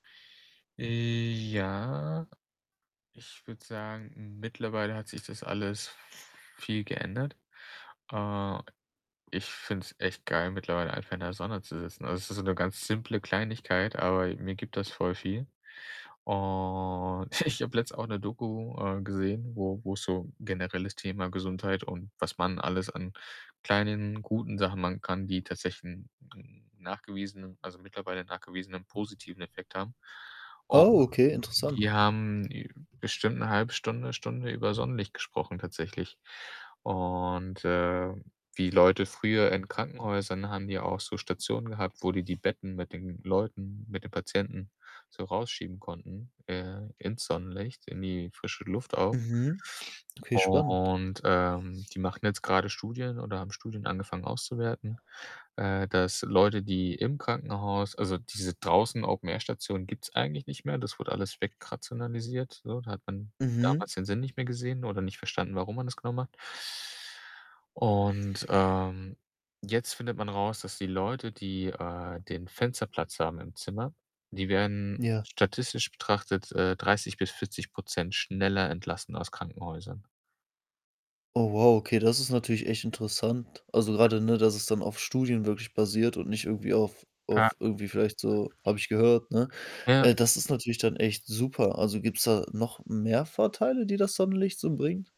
Ja, ich würde sagen, mittlerweile hat sich das alles viel geändert. Äh, ich finde es echt geil mittlerweile einfach in der Sonne zu sitzen. Also, es ist so 'ne ganz simple Kleinigkeit, aber mir gibt das voll viel. Und ich habe letztens auch 'ne Doku, äh, gesehen, wo wo es so generelles Thema Gesundheit und was man alles an kleinen, guten Sachen machen kann, die tatsächlich 'n 'n nachgewiesenen also, mittlerweile nachgewiesenen positiven Effekt haben. Und Oh, okay, interessant. die haben, äh, bestimmt 'ne 1/2 Stunde, Stunde über Sonnenlicht gesprochen tatsächlich. Und, äh, die Leute früher in Krankenhäusern haben die auch so Stationen gehabt, wo die die Betten mit den Leuten mit den Patienten so rausschieben konnten, äh, ins Sonnenlicht, in die frische Luft auch. Mhm. Okay, spannend. Und, ähm, die machen jetzt grade Studien oder haben Studien angefangen auszuwerten, äh, dass Leute, die im Krankenhaus also, diese draußen Open Air Stationen gibt's eigentlich nicht mehr. Das wurde alles wegrationalisiert, so. Da hat man Mhm. damals den Sinn nicht mehr gesehen oder nicht verstanden, warum man das genau macht. Und, ähm, jetzt findet man raus, dass die Leute, die, äh, den Fensterplatz haben im Zimmer, die werden Ja. statistisch betrachtet, äh, 30 % bis 40 % schneller entlassen aus Krankenhäusern. Oh wow, okay, das ist natürlich echt interessant. Also, grade, ne, dass es dann auf Studien wirklich basiert und nicht irgendwie auf Ja. auf irgendwie vielleicht so: „Habe ich gehört.“, ne? Ja. Äh, das ist natürlich dann echt super. Also, gibt's da noch mehr Vorteile, die das Sonnenlicht so bringt?